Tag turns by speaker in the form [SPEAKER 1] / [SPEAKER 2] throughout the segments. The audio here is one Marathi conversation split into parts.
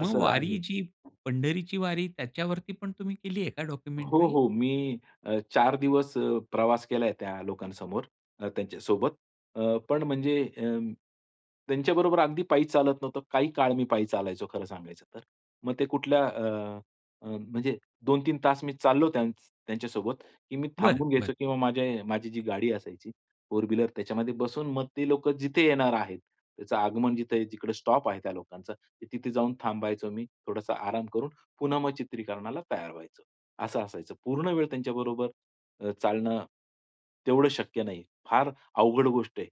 [SPEAKER 1] मग
[SPEAKER 2] असं
[SPEAKER 1] वारी
[SPEAKER 2] आहे.
[SPEAKER 1] जी, पंढरीची वारी त्याच्यावरती पण तुम्ही केली आहे का
[SPEAKER 2] हो,
[SPEAKER 1] डॉक्युमेंटरी?
[SPEAKER 2] हो. मी अ, 4 दिवस अ, प्रवास केलाय त्या लोकांसमोर. अ, त्यांच्यासोबत. अ, पण म्हणजे अ, त्यांच्याबरोबर अगदी पायी चालत नव्हतं. काही काळ मी पायी चालायचो खरं सांगायचं तर. मग ते कुठल्या अ, म्हणजे 2-3 तास मी चाललो त्यांच त्यांच्या सोबत, की मी
[SPEAKER 1] बरं,
[SPEAKER 2] थांबून
[SPEAKER 1] बरं.
[SPEAKER 2] घ्यायचो किंवा माझ्या माझी जी गाडी असायची फोर व्हीलर त्याच्यामध्ये बसून मग ते लोकं जिथे येणार आहेत, त्याचं आगमन जिथ जिकडे स्टॉप आहे त्या लोकांचा तिथे जाऊन थांबायचो मी. थोडासा आराम करून, पुन्हा मग चित्रीकरणाला तयार व्हायचं, असं असायचं. पूर्ण वेळ त्यांच्याबरोबर अ, चालणं तेवढं शक्य नाही. फार अवघड गोष्ट आहे,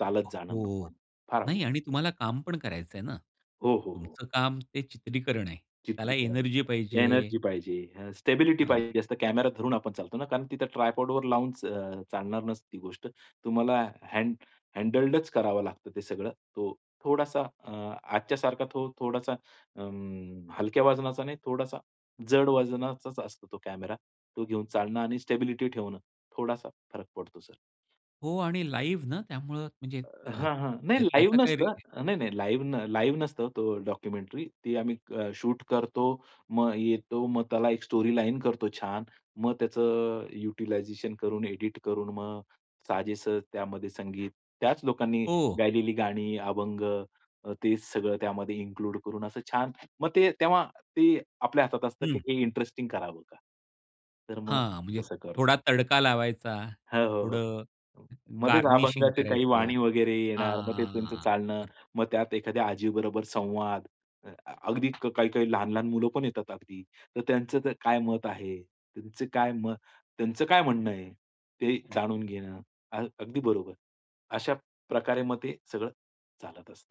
[SPEAKER 2] चालत जाणं म
[SPEAKER 1] हो,
[SPEAKER 2] पण. फार
[SPEAKER 1] नाही आणि
[SPEAKER 2] अवघड.
[SPEAKER 1] तुम्हाला काम पण करायचं आहे ना?
[SPEAKER 2] हो, हो, हो.
[SPEAKER 1] तुमचं काम ते चित्रीकरण आहे. त्याला
[SPEAKER 2] चित्रीकरण
[SPEAKER 1] एनर्जी
[SPEAKER 2] [unintelligible]
[SPEAKER 1] पाहिजे.
[SPEAKER 2] एनर्जी पाहिजे, अ, स्टेबिलिटी
[SPEAKER 1] हां.
[SPEAKER 2] पाहिजे असतं कॅमेरा धरून आपण चालतो ना, कारण तिथं ट्रायपॉड वर लावून च अ, चालणार नसती गोष्ट. तुम्हाला हँड हँडल्डच करावं लागतं ते सगळं. तो थोडासा अ, आजच्या सारखा तो थोडासा अं, हलक्या वजनाचा नाही, थोडासा जड वजनाचाच असतो तो कॅमेरा, तो घेऊन चालणं आणि स्टॅबिलिटी ठेवणं थोडासा फरक पडतो सर.
[SPEAKER 1] हो आणि लाईव्हना त्यामुळे म्हणजे
[SPEAKER 2] अ,
[SPEAKER 1] अ,
[SPEAKER 2] हां, हां. नाही
[SPEAKER 1] त्य
[SPEAKER 2] लाईव्ह
[SPEAKER 1] त्याचा काही री
[SPEAKER 2] नसतं. नाही, नाही लाईव्ह न लाईव्ह नसतं तो डॉक्युमेंटरी ती आम्ही शूट करतो, मग येतो, मग त्याला एक स्टोरीलाईन करतो छान. मग त्याचं युटलायझेशन करून, एडिट करून मग साजेस त्यामध्ये संगीत: त्याच लोकांनी
[SPEAKER 1] ओह!
[SPEAKER 2] गायलेली गाणी, अभंग, तेच सगळं त्यामध्ये इन्क्लूड करून असं छान मग ते तेव्हा ते आपल्या हातात असतं, की
[SPEAKER 1] हं.
[SPEAKER 2] हे इंटरेस्टिंग करावं का? तर मग
[SPEAKER 1] हां, म्हणजे
[SPEAKER 2] तसं करतो.
[SPEAKER 1] थोडा तडका लावायचा,
[SPEAKER 2] हो, हो,
[SPEAKER 1] थोडं
[SPEAKER 2] हो. मध्येच
[SPEAKER 1] गार्निशिंग
[SPEAKER 2] अभंगाचे काही
[SPEAKER 1] करायचं.
[SPEAKER 2] वाणी वगैरे
[SPEAKER 1] हां,
[SPEAKER 2] येणार, मग ते
[SPEAKER 1] हां,
[SPEAKER 2] त्यांचं
[SPEAKER 1] हां.
[SPEAKER 2] चालणं,
[SPEAKER 1] बरं.
[SPEAKER 2] मग त्यात एखाद्या आजीबरोबर संवाद. अ, अगदी काही-काही लहान-लहान मुलं पण येतात अगदी. तर त्यांचं काय मत आहे? त्यांचं काय म त्यांचं काय म म्हणणं आहे. ते जाणून घेणं अगदी बरोबर. अशा प्रकारे मग ते सगळं चालत असतं.